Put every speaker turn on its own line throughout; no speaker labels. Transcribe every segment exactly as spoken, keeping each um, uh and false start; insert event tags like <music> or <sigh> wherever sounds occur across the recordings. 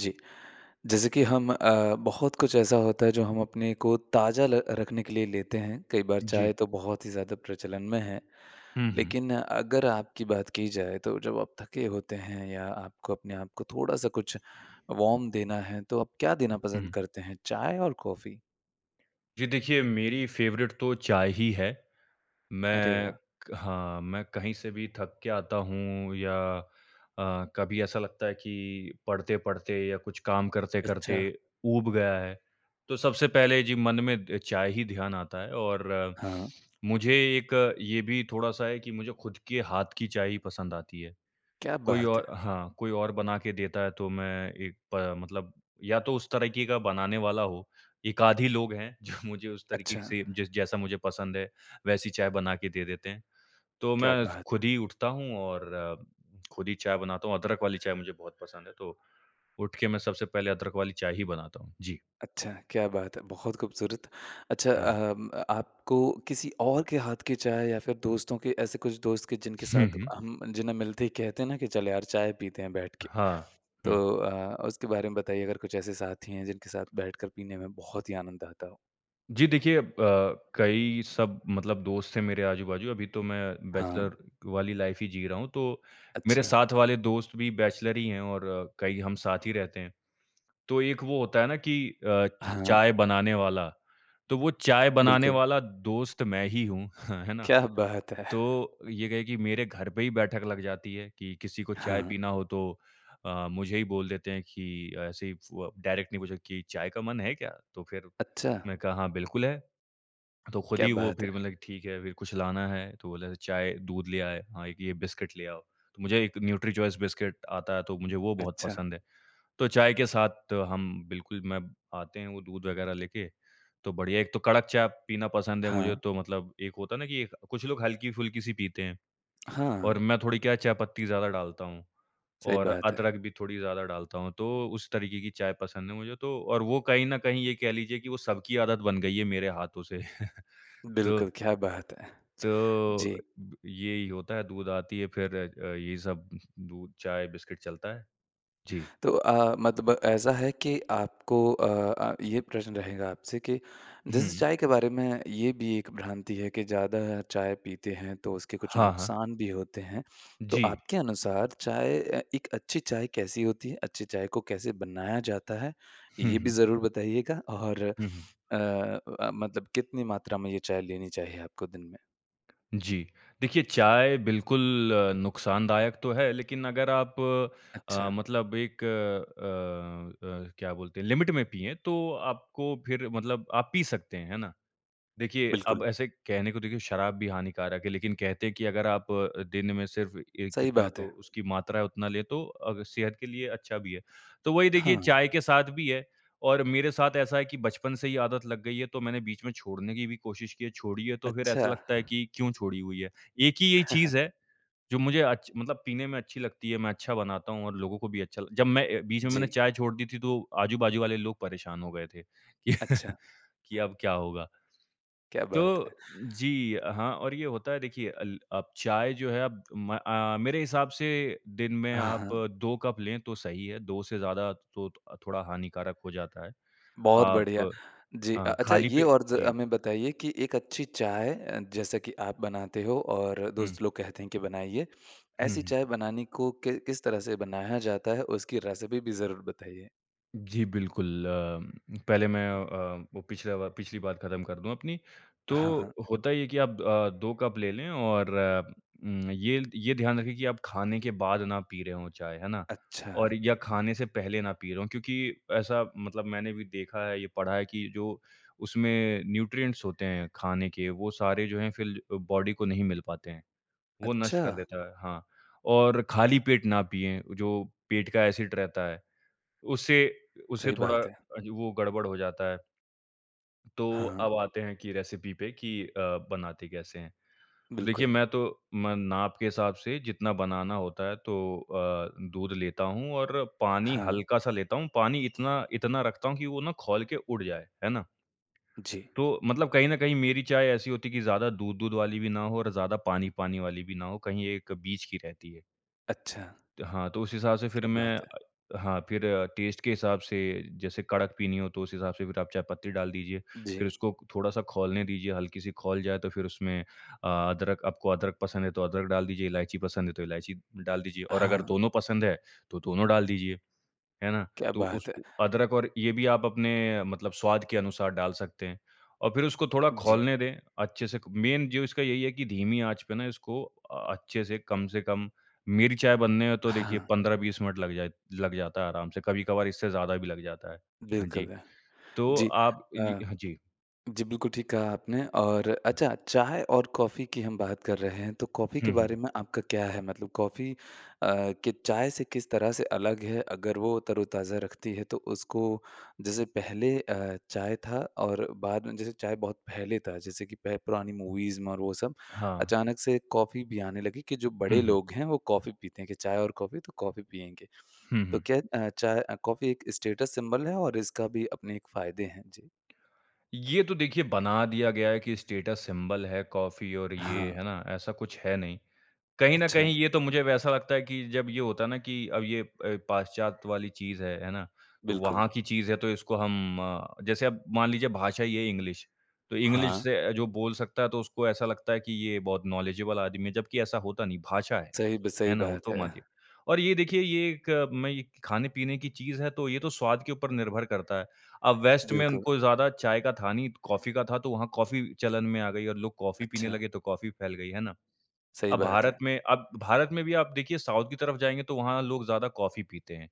जी। जैसे कि हम अ, बहुत कुछ ऐसा होता है जो हम अपने को ताज़ा ल रखने के लिए लेते हैं, कई बार
जी।
चाय तो बहुत ही ज़्यादा प्रचलन में है।
हुँ, हुँ।
लेक़िन अगर आपकी बात की जाए तो जब आप थके होते हैं या आपको अपने आप को थोड़ा-सा कुछ वॉर्म देना है तो आप क्या देना पसंद
हुँ।
करते हैं चाय और कॉफ़ी?
जी, देखिए मेरी फ़ेवरेट तो चाय ही है।
अरे
मैं क
वाह!
हाँ, मैं कहीं से भी थक के आता हूँ या अ, कभी ऐसा लगता है कि पढ़ते-पढ़ते या कुछ काम करते-करते
अच्छा।
ऊब गया है, तो सबसे पहले जी मन में अ, चाय ही ध्यान आता है और
हाँ।
मुझे एक ये भी थोड़ा-सा है कि मुझे ख़ुद के हाथ की चाय ही पसंद आती है।
क्या
कोई
बात
और
है!
हाँ, कोई और बना के देता है तो मैं एक प मतलब या तो उस तरीक़े का बनाने वाला हो। एक-आध ही लोग हैं जो मुझे उस तरीक़े
अच्छा।
से जिस जैसा मुझे पसंद है, वैसी चाय बना के दे देते हैं। तो
क्या
मैं
बात है!
ख़ुद ही उठता हूँ और ख़ुद ही <clicks tongue> चाय बनाता हूँ, अदरक वाली चाय मुझे बहुत पसंद है तो उठ के मैं सबसे पहले अदरक वाली चाय ही बनाता हूँ। जी।
अच्छा, क्या बात है! बहुत ख़ूबसूरत, अच्छा
हुँ।
अम आपको किसी और के हाथ की चाय या फ़िर दोस्तों के ऐसे कुछ दोस्त के जिनके
हुँ,
साथ
हुँ।
हम जिन्हें मिलते ही कहते ना कि चल यार चाय पीते हैं बैठके।
हाँ। हुँ।
तो अ, उसके बारे में बताइए अगर कुछ ऐसे साथी हैं जिनके साथ बैठकर पीने में बहुत ही आनंद आता हो?
जी देखिए अ, कई सब मतलब दोस्त हैं मेरे आजू-बाजू अभी तो मैं बैचलर
हाँ।
वाली लाइफ़ ही जी रहा हूँ तो मेरे
अच्छा।
साथ वाले दोस्त भी बैचलर ही हैं और कई हम साथ ही
<breath>
रहते हैं। तो एक वो होता है ना कि अ,
हाँ।
चाय बनाने वाला तो वो चाय बनाने
बिल्कुल।
वाला दोस्त मैं ही हूँ, ह है ना?
क्या बात है!
तो ये कहे कि मेरे घर पे ही बैठक लग जाती है कि किसी को चाय
हाँ।
पीना हो तो अ, मुझे ही बोल देते हैं कि ऐसे ही फु अ, डायरेक्टली मुझे कि चाय का मन है क्या? तो फ़िर
अच्छा।
मैं कहा हाँ, बिल्कुल है। तो ख़ुद
क्या
ही वो
बात
फ़िर
है!
मतलब कि ठीक है, फ़िर कुछ लाना है? तो बोले चाय दूध ले आए, हाँ, एक ये बिस्किट ले आओ। तो मुझे एक न्यूट्रीचॉइस बिस्किट आता है तो मुझे वो बहुत
अच्छा।
पसंद है। तो चाय के साथ हम बिल्कुल मैं आते हैं वो दूध वग़ैरह लेके तो बढ़िया एक तो कड़क चाय पीना पसंद है मुझे
हाँ।
तो मतलब एक होता है ना कि एक, कुछ लोग हल्की-फुल्की-सी पीते हैं
हाँ।
और मैं थोड़ी क्या है चाय-पत्ती ज़्यादा डालता हूँ
सही
और
बात है।
अदरक भी थोड़ी ज़्यादा डालता हूँ तो उस तरीक़े की चाय पसंद है मुझे तो और वो कहीं न कहीं ये कह लीजिए कि वो सबकी आदत बन गई है मेरे हाथों से, <chuckles> तो
बिल्कुल, क्या बात है!
तो
जी।
यही होता है, दूध आती है फ़िर अ, ये सब दूध चाय बिस्किट चलता है।
<breath>
जी।
तो अ, मतब ऐसा है कि आपको अ अ, ये प्रश्न रहेगा आपसे के जैसे
हुँ।
चाय के बारे में ये भी एक भ्रांति है कि ज़्यादा चाय पीते हैं तो उसके कुछ
हाँ, हाँ।
नुकसान भी होते हैं। तो
जी।
आपके अनुसार चाय अ, एक अच्छी चाय कैसी होती है, अच्छी चाय को कैसे बनाया जाता है?
हुँ,
ये भी
हुँ।
ज़रूर बताइएगा और
हुँ, हुँ।
अ अ, मतलब कितनी मात्रा में ये चाय लेनी चाहिए आपको दिन में?
जी, देखिए चाय बिल्कुल नुकसानदायक तो है लेक़िन अगर आप अ,
अच्छा।
मतलब एक अ अ, क्या बोलते हैं लिमिट में पिएँ तो आपको फ़िर मतलब आप पी सकते हैं, हैं ना? देखिए,
बिल्कुल।
अब ऐसे कहने को देखिए शराब भी हानिकारक है लेक़िन कहते हैं कि अगर आप अ, दिन में सिर्फ़ ए
सही
कितना
बात
तो
है।
उसकी मात्रा है उतना ले तो अ, सेहत के लिए अच्छा भी है। तो वही देखिए
हाँ।
चाय के साथ भी है और मेरे साथ ऐसा है कि बचपन से ही आदत लग गई है तो मैंने बीच में छोड़ने की भी कोशिश की है, छोड़ी है तो फ़िर
अच्छा।
ऐसा लगता है कि क्यों छोड़ी हुई है। एक ही ये
<chuckles>
चीज़ है जो मुझे अच्छ मतलब पीने में अच्छी लगती है मैं अच्छा बनाता हूँ और लोगों को भी अच्छा लग जब मैं अ, बीच में मैंने
जी।
चाय छोड़ दी थी तो आजू-बाजू वाले लोग परेशान हो गए थे। कि
अच्छा।
कि
<breath>
अब क्या होगा?
क्या बात है!
तो
<breath>
जी। हाँ, और ये होता है देखिए अल अब चाय जो है अब म अ अ, मेरे हिसाब से दिन में
हाँ,
आप
हाँ।
दो कप लें तो सही है। दो से ज़्यादा तो थो थोड़ा हानिकारक हो जाता है,
बहुत
आप
बढ़िया। जी अ,
हाँ,
अच्छा
खाली
ये
पेट
और ज
जी।
हमें बताइए कि एक अच्छी चाय अ, जैसा की आप बनाते हो और
हुँ।
दोस्त लोग कहते हैं कि बनाइए,
हुँ,
ऐसी
हुँ।
चाय बनाने को कि किस तरह से बनाया जाता है? उसकी रेसिपी भी ज़रूर बताइए।
जी, बिल्कुल अ, पहले मैं अ, वो पिछला बा पिछली बार खत्म कर दूँ अपनी। तो
हाँ, हाँ।
होता ये है कि आप अ, दो कप ले लें और उम, ये ये ध्यान रखें कि आप खाने के बाद ना पी रहे हों चाय, है ना?
अच्छा।
और या खाने से पहले ना पी रहे हों क्योंकि ऐसा मतलब मैंने भी देखा है, ये पढ़ा है कि जो उसमें न्यूट्रिएंट्स होते हैं खाने के वो सारे जो हैं फ़िर बॉडी को नहीं मिल पाते हैं, वो नष्ट
अच्छा।
कर देता है हाँ। और खाली पेट ना पिएँ, जो पेट का ऐसिड रहता है। उससे उससे
सही
थोड़ा
बात है।
अ, वो गड़बड़ हो जाता है। तो
हाँ।
अब आते हैं कि रेसिपी पे कि अ, बनाते कैसे हैं? तो देखिए
बिल्कुल।
मैं तो म नाप के हिसाब से जितना बनाना होता है तो अ, दूध लेता हूँ और पानी
हाँ।
हल्का-सा लेता हूँ, पानी इतना इतना रखता हूँ कि वो ना खौल के उड़ जाए, है ना?
जी।
तो मतलब कहीं न कहीं मेरी चाय ऐसी होती कि ज़्यादा दूध-दूध वाली भी ना हो और ज़्यादा पानी-पानी वाली भी ना हो, कहीं एक बीच की रहती है।
अच्छा।
त हाँ, तो उस हिसाब से फ़िर
क्या
मैं
बात है!
अ, हाँ फ़िर टेस्ट के हिसाब से जैसे कड़क पीनी हो तो उस हिसाब से फ़िर आप चायपत्ती डाल दीजिए, फ़िर
जी।
उसको थोड़ा-सा खौलने दीजिए, हल्की सी खौल जाए तो फ़िर उसमें अ, अदरक आपको अदरक पसंद है तो अदरक डाल दीजिए इलायची पसंद है तो इलायची डाल दीजिए और अगर
हाँ।
दोनों पसंद है तो दोनों डाल दीजिए, है ना?
क्या
तो उस
बात है!
अदरक और ये भी आप अपने मतलब स्वाद के अनुसार डाल सकते हैं। और फ़िर उसको थोड़ा
जी।
खौलने दें अच्छे से क मेन जो इसका यही है कि धीमी आँच पे ना इसको अ, अच्छे से कम से कम मेरी चाय बनने में तो देखिए
हाँ।
पंद्रह बीस मिनट लग जाए लग जाता है आराम से, कभी-कभार इससे ज़्यादा भी लग जाता है। हाँ जी,
बिल्कुल है।
तो
जी
आप जी,
अ,
हाँ जी।
जी बिल्कुल ठीक कहा आपने और अच्छा चाय और कॉफ़ी कि हम बात कर रहे हैं, तो कॉफ़ी
हुँ,
के
हुँ।
बारे में आपका क्या है मतलब कॉफ़ी अ, के चाय से किस तरह से अलग है? अगर वो तरोताज़ा रखती है तो उसको जैसे पहले अ, चाय था और बाद में जैसे चाय बहुत पहले था जैसे कि पह पुरानी मूवीज़ में और वो सब,
हाँ।
अचानक से कॉफ़ी भी आने लगी कि जो
हुँ,
बड़े
हुँ।
लोग हैं वो कॉफ़ी पीते हैं, के चाय और कॉफ़ी? तो कॉफ़ी पिएँगे।
हुँ,
तो
हुँ।
क्या अ, चाय अ, कॉफ़ी एक स्टेटस सिंबल है और इसका भी अपने एक फ़ायदे हैं? जी।
ये तो देखिए बना दिया गया है कि स्टेटस सिंबल है कॉफ़ी और
हाँ।
ये, है ना? ऐसा कुछ है नहीं। कहीं न
अच्छा।
कहीं ये तो मुझे वैसा लगता है कि जब ये होता ना कि अब ये अ, पाश्चात्य वाली चीज़ है, है ना? तो
बिल्कुल।
वहाँ की चीज़ है तो इसको हम अ, जैसे अब मान लीजिए भाषा ही है इंग्लिश। तो इंग्लिश।
हाँ।
से अ, जो बोल सकता है तो उसको ऐसा लगता है कि ये बहुत नॉलेजेबल आदमी है, जबकि ऐसा होता नहीं भाषा है,
सही ब सही
है ना? वो
बात
तो
है।
माध्य और ये देखिए ये एक मैं ये खाने-पीने की चीज़ है तो ये तो स्वाद के ऊपर निर्भर करता है। अब वेस्ट में
बिल्कुल।
उनको ज़्यादा चाय का था नहीं, तो कॉफ़ी का था तो वहाँ कॉफ़ी चलन में आ गई और लोग कॉफ़ी पीने
अच्छा।
लगे तो कॉफ़ी फैल गई, है ना?
सही
अब
बात
भारत
है।
में अब भारत में भी आप देखिए साउथ की तरफ जाएँगे तो वहाँ लोग ज़्यादा कॉफ़ी पीते हैं,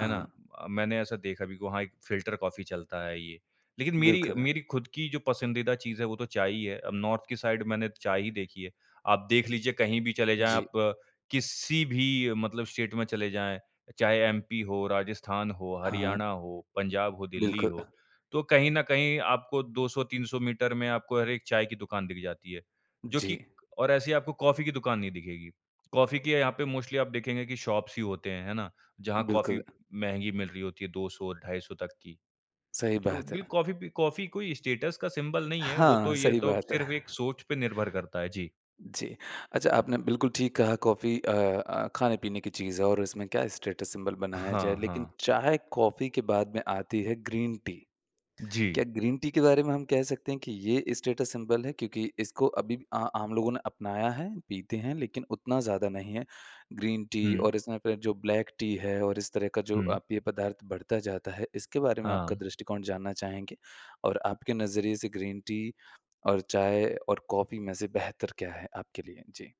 है ना? अ, मैंने ऐसा देखा भी वहाँ एक फ़िल्टर कॉफ़ी चलता है ये। लेकिन मेरी
बिल्कुल।
मेरी ख़ुद की जो पसंदीदा चीज़ है वो तो चाय ही है, अब नॉर्थ की साइड मैंने चाय ही देखी है, आप देख लीजिए कहीं भी चले जाएँ
जी।
आप किसी भी मतलब स्टेट में चले जाएँ चाहे एमपी हो, राजस्थान हो,
हाँ।
हरियाणा हो, पंजाब हो, दिल्ली
बिल्कुल।
हो। तो कहीं न कहीं आपको दो सौ तीन सौ मीटर में आपको हर एक चाय की दुकान दिख जाती है। जो कि
जी।
और ऐसी आपको कॉफ़ी की दुकान नहीं दिखेगी। कॉफ़ी की य यहाँ पे मोस्टली आप देखेंगे कि शॉप्स ही होते हैं, है ना? जहाँ कॉफ़ी
बिल्कुल।
महँगी मिल रही होती है दो सौ ढाई सौ तक की।
सही
तो
बात
बिल
है।
कॉफ़ी पी कॉफ़ी कोई स्टेटस का सिंबल नहीं है, वो
हाँ,
तो ये
सही
तो
बात है।
सिर्फ़ एक सोच पे निर्भर करता है। जी।
जी। अच्छा आपने बिल्कुल ठीक कहा कॉफ़ी अ अ, खाने-पीने की चीज़ है और उसमें क्या स्टेटस सिंबल बनाया
हाँ,
जाए लेकिन
हाँ।
चाय कॉफ़ी के बाद में आती है ग्रीन टी। क्या
जी।
ग्रीन टी के बारे में हम कह सकते हैं कि ये स्टेटस सिंबल है? क्योंकि इसको अभी आ आम लोगों ने अपनाया है, पीते हैं लेकिन उतना ज़्यादा नहीं है, ग्रीन टी
हुँ।
और इसमें फ़िर जो ब्लैक टी है और इस तरह का जो अ,
हुँ।
पेय पदार्थ बढ़ता जाता है इसके बारे में आपका
हाँ।
दृष्टिकोण जानना चाहेंगे? और आपके नज़रिए से ग्रीन टी और चाय और कॉफ़ी में से बेहतर क्या है आपके लिए? जी।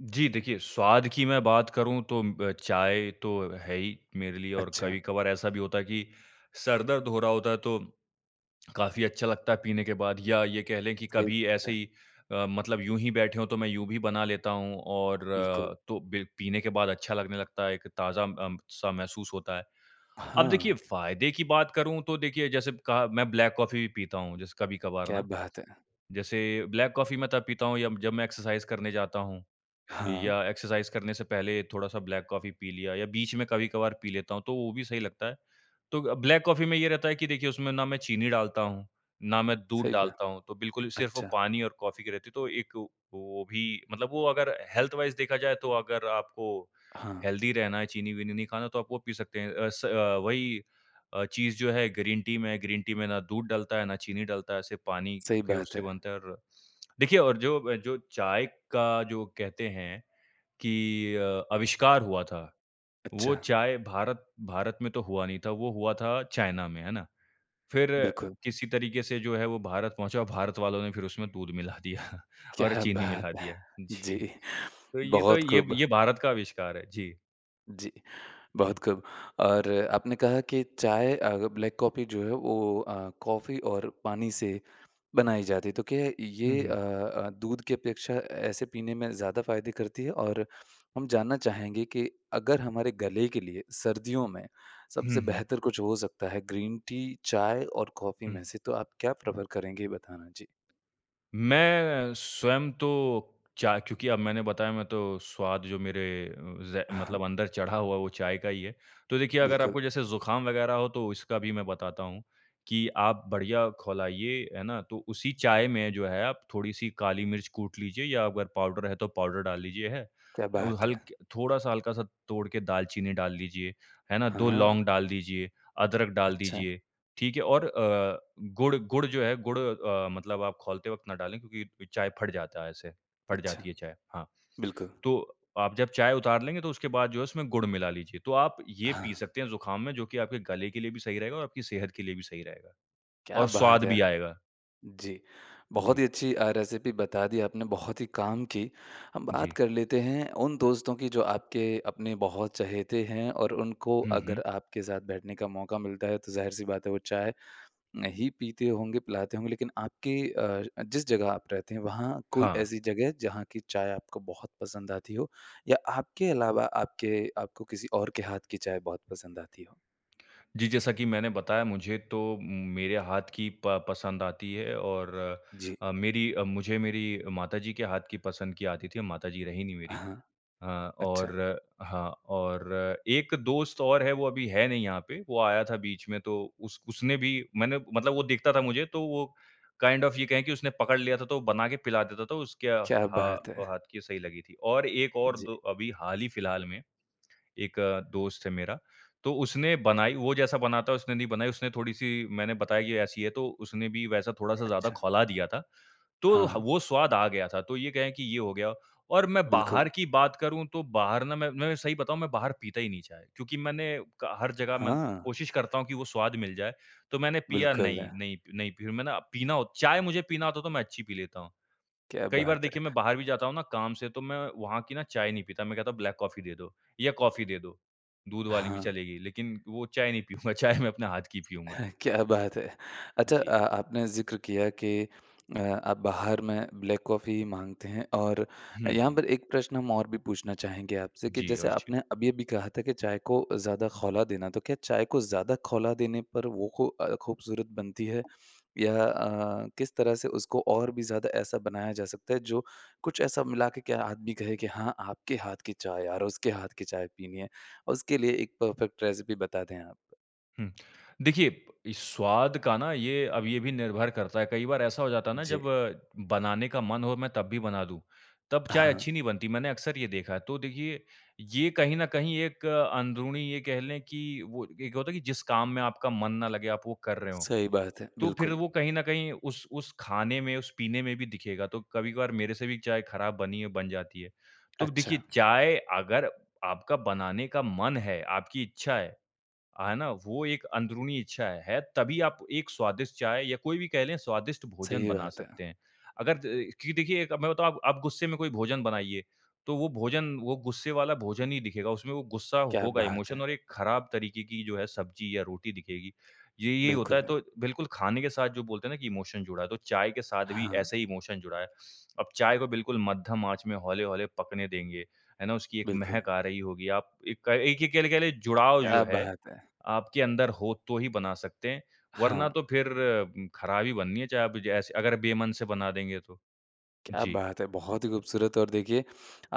जी देखिए, स्वाद की मैं बात करूँ तो ब चाय तो है ही मेरे लिए और
अच्छा।
कभी-कभार ऐसा भी होता है कि सर-दर्द हो रहा होता तो काफ़ी अच्छा लगता है पीने के बाद। या ये कह लें कि
सही
कभी ऐसे
है।
ही अ, मतलब यूँ ही बैठे हों तो मैं यूँ भी बना लेता हूँ और
बिल्कुल।
तो ब पीने के बाद अच्छा लगने लगता है एक ताज़ा अम, सा महसूस होता है। अब देखिए
हाँ।
फ़ायदे की बात करूँ तो देखिए जैसे कहा मैं ब्लैक कॉफ़ी भी पीता हूँ जैसे कभी-कभार
क्या
ना।
बात है!
जैसे ब्लैक कॉफ़ी मैं तब पीता हूँ यब जब मैं एक्सरसाइज़ करने जाता हूँ,
हाँ।
या एक्सरसाइज़ करने से पहले थोड़ा-सा ब्लैक कॉफ़ी पी लिया या बीच में कभी-कभार पी लेता हूँ तो वो भी सही लगता है। तो अ, ब्लैक कॉफ़ी में ये रहता है कि देखिए उसमें ना मैं चीनी डालता हूँ, ना मैं दूध
सही बा
डालता हूँ तो बिल्कुल सिर्फ़ वो
अच्छा।
पानी और कॉफ़ी की रहती है तो एक व वो भी मतलब वो अगर हेल्थ वाइज़ देखा जाए तो अगर आपको
हाँ।
हेल्दी रहना है चीनी-वीनी नहीं खाना तो आप वो पी सकते हैं अ, स वही अ, चीज़ जो है ग्रीन टी में है, ग्रीन टी में ना दूध डलता है, ना चीनी डलता है सिर्फ़ पानी
सही
के
बात
उससे
है।
बनता है और देखिए और जो जो चाय का जो कहते हैं कि अ, आविष्कार हुआ था, वो
अच्छा।
चाय भारत भारत में तो हुआ नहीं था, वो हुआ था चाइना में, है ना? फ़िर
बिल्कुल।
किसी तरीके से जो है वो भारत पहुँचा, भारत वालों ने फ़िर उसमें दूध मिला दिया और
क्या
चीनी
बात
मिला
है!
दिया जी,
जी,
तो ये तो
बहुत
ये
खूब।
ये भारत का आविष्कार है। जी।
जी, बहुत
हुँ।
ख़ूब और आपने कहा कि चाय अग ब्लैक कॉफ़ी जो है वो अ, कॉफ़ी और पानी से बनाई जाती है। तो क्या
हुँ,
ये अ
हुँ।
अ, दूध की अपेक्षा ऐसे पीने में ज़्यादा फ़ायदे करती है और हम जानना चाहेंगे कि अगर हमारे गले के लिए सर्दियों में
हुँ,
सबसे
हुँ।
बेहतर कुछ हो सकता है ग्रीन टी, चाय और कॉफ़ी में
हुँ।
से। तो आप क्या प्रेफ़र करेंगे ये बताना? जी।
मैं स्वयं तो चा क्योंकि अब मैंने बताया मैं तो स्वाद जो मेरे अ, ज़
अ
मतलब
हाँ।
अंदर चढ़ा हुआ, वो चाय का ही है। तो देखिए अगर
बिल्कुल।
आपको जैसे ज़ुकाम वग़ैरह हो तो उसका भी मैं बताता हूँ कि आप बढ़िया खौलाइए है ना। तो उसी चाय में जो है आप थोड़ी-सी काली मिर्च कूट लीजिए या अगर पाउडर है तो पाउडर डाल लीजिए। अ,
क्या बात है!
हल्क थोड़ा-सा हल्का-सा तोड़ के दालचीनी डाल लीजिए। है ना? दो
हाँ।
लौंग डाल दीजिए, अदरक डाल
अच्छा।
दीजिए। ठीक है? और अ, गुड़ गुड़ जो है अ, गुड़ मतलब आप खोलते वक़्त ना डालें क्योंकि चाय फट जाता है ऐसे, फट
अच्छा।
जाती है चाय। हाँ,
बिल्कुल।
तो आप जब चाय उतार लेंगे तो उसके बाद जो इसमें गुड़ मिला लीजिए। तो आप ये पी
हाँ।
सकते हैं ज़ुकाम में जो कि आपके गले के लिए भी सही रहेगा और आपकी सेहत के लिए भी सही रहेगा
क्या
और
बात
स्वाद
है!
भी आएगा।
जी, बहुत
जी।
ही अच्छी अ, रेसिपी बता दी आपने, बहुत ही काम की। हम बात
जी।
कर लेते हैं उन दोस्तों की जो आपके अपने बहुत चहेते हैं और उनको
हुँ,
अगर
हुँ।
आपके साथ बैठने का मौका मिलता है। तो ज़ाहिर-सी बात है वो चाय नहीं पीते होंगे, पिलाते होंगे लेक़िन आपके अ, जिस जगह आप रहते हैं वहाँ कोई
हाँ।
ऐसी जगह जहाँ की चाय आपको बहुत पसंद आती हो। या आपके अलावा आपके आपको किसी और के हाथ की चाय बहुत पसंद आती हो?
जी, जैसा कि मैंने बताया मुझे तो मेरे हाथ की प पसंद आती है और
जी।
अ, मेरी मुझे मेरी माता जी के हाथ की पसंद की आती थी, माता जी रही नहीं मेरी।
हाँ।
अ,
अच्छा।
और हाँ, और एक दोस्त और है वो अभी है नहीं यहाँ पे। वो आया था बीच में तो उस उसने भी मैंने मतलब वो देखता था मुझे तो वो काइन्ड ऑफ़ ये कहे कि उसने पकड़ लिया था तो बना के पिला देता। तो उसके
क्या
हा
बात है!
हाथ की सही लगी थी। और एक और
जी।
दो अभी हाल ही फ़िलहाल में एक दोस्त है मेरा तो उसने बनाई, वो जैसा बनाता है उसने नहीं बनाई उसने थोड़ी-सी मैंने बताई ये ऐसी है तो उसने भी वैसा थोड़ा-सा ज़्यादा
अच्छा।
ख़ौला दिया था। तो
हाँ।
वो स्वाद आ गया था तो ये कह कि ये हो गया। और मैं
बिल्कुल।
बाहर की बात करूँ तो, बाहर ना मैं मैं सही बताऊँ मैं बाहर पीता ही नहीं चाय। क्योंकि मैंने कहा हर जगह मैं
हाँ।
कोशिश करता हूँ कि वो स्वाद मिल जाए। तो मैंने पिया
बिल्कुल।
नहीं नहीं पी नहीं पी मैंने पीना हो चाय मुझे पीना होता तो मैं अच्छी पी लेता हूँ।
क्या
कई बार
बात है।
देखिए मैं बाहर भी जाता हूँ ना काम से तो मैं वहाँ की ना चाय नहीं पीता। मैं कहता हूँ ब्लैक कॉफ़ी दे दो या कॉफ़ी दे दो। दूध वाली भी
हाँ।
चलेगी लेक़िन वो चाय नहीं पीऊँगा। चाय मैं अपने हाथ की पीऊँगा।
हाँ, क्या बात है! अच्छा
जी।
अ, आपने ज़िक्र किया कि अ, आप बाहर में ब्लैक कॉफ़ी माँगते हैं और
हुँ,
यहाँ
हुँ।
पर एक प्रश्न हम और भी पूछना चाहेंगे आपसे कि
जी,
जैसे
अवश्य।
आपने अभी-अभी कहा था कि चाय को ज़्यादा ख़ौला देना। तो क्या चाय को ज़्यादा ख़ौला देने पर वो ख़ू अ, ख़ूबसूरत बनती है या अ, किस तरह से उसको और भी ज़्यादा ऐसा बनाया जा सकता है। जो कुछ ऐसा मिलाकर क्या आदमी कहे कि हाँ आपके हाथ की चाय यार उसके हाथ की चाय पीनी है। उसके लिए एक परफ़ेक्ट रेसिपी बता दें आप।
हुँ, देखिए इस स्वाद का ना ये अब ये भी निर्भर करता है। कई बार ऐसा हो जाता है ना जब
जी।
बनाने का मन हो मैं तब भी बना दूँ, तब चाय अच्छी
हाँ।
नहीं बनती मैंने अक्सर ये देखा। तो देखिए ये कहीं न कहीं एक अंदरूनी ये कह लें कि वो एक होता है कि जिस काम में आपका मन ना लगे आप वो कर रहे हो।
सही बात है,
तो फ़िर
बिल्कुल।
वो कहीं न कहीं उस उस ख़ाने में, उस पीने में भी दिखेगा। तो कभी-कभार मेरे से भी चाय ख़राब बनी है बन जाती है। तो देखिए
अच्छा।
चाय अगर आपका बनाने का मन है, आपकी इच्छा है। है ना? वो एक अंदरूनी इच्छा है। है, तभी आप एक स्वादिष्ट चाय या कोई भी कह लें स्वादिष्ट भोजन
सही
बना
बात है।
सकते हैं। अगर द कि देखिए अब मैं बताऊँ आप आप गुस्से में कोई भोजन बनाइए। तो वो भोजन, वो गुस्से वाला भोजन ही दिखेगा उसमें वो गुस्सा
क्या
होगा
बात
इमोशन
है!
और एक ख़राब तरीक़े की जो है सब्ज़ी या रोटी दिखेगी। ये यही होता है
बिल्कुल।
तो बिल्कुल ख़ाने के साथ जो बोलते हैं कि इमोशन जुड़ा। तो चाय के साथ भी
हाँ।
ऐसे ही इमोशन जुड़ा है। अब चाय को बिल्कुल मध्यम आँच में हौले-हौले पकने देंगे है ना, उसकी एक
बिल्कुल।
महक आ रही होगी। आप एक एक एक एक कह लें जुड़ाव जो
क्या
है
बात है!
आपके अंदर हो तो ही बना सकते हैं। वरना
हाँ।
तो फ़िर ख़राब ही बननी है चाय आप जैसे अगर बेमन से बना देंगे तो।
क्या
जी।
बात है! बहुत ही ख़ूबसूरत और देखिए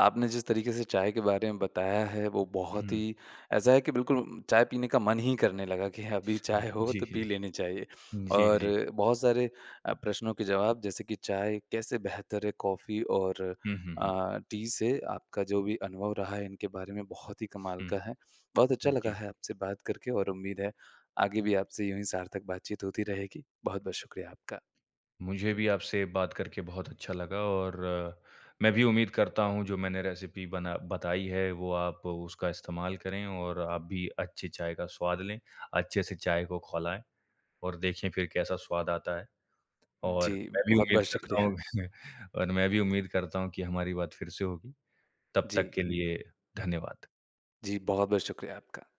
आपने जिस तरीक़े से चाय के बारे में बताया है वो बहुत
हुँ।
ही ऐसा है कि बिल्कुल चाय पीने का मन ही करने लगा कि अभी चाय हो
जी।
तो पी लेनी चाहिए।
जी,
और
जी।
बहुत सारे अ, प्रश्नों के जवाब जैसे कि चाय कैसे बेहतर है कॉफ़ी और
हुँ, हुँ, हुँ।
अ, टी से। आपका जो भी अनुभव रहा है इनके बारे में बहुत ही कमाल
हुँ।
का है। बहुत अच्छा
हुँ,
लगा
जी।
है आपसे बात करके और उम्मीद है आगे भी आपसे यूँ ही सार्थक बातचीत होती रहेगी। बहुत-बहुत शुक्रिया आपका।
मुझे भी आपसे बात करके बहुत अच्छा लगा और मैं भी उम्मीद करता हूँ जो मैंने रेसिपी बना बताई है। वो आप उसका इस्तेमाल करें और आप भी अच्छी चाय का स्वाद लें, अच्छे-से चाय को खौलाएँ और देखें फ़िर कैसा स्वाद आता है।
जी,
और मैं भी उम्मीद
बहुत-बहुत
करता
शुक्रिया।
हूँ <chuckles> और मैं भी उम्मीद करता हूँ कि हमारी बात फ़िर से होगी। तब
जी।
तक के लिए धन्यवाद।
जी, बहुत-बहुत शुक्रिया आपका।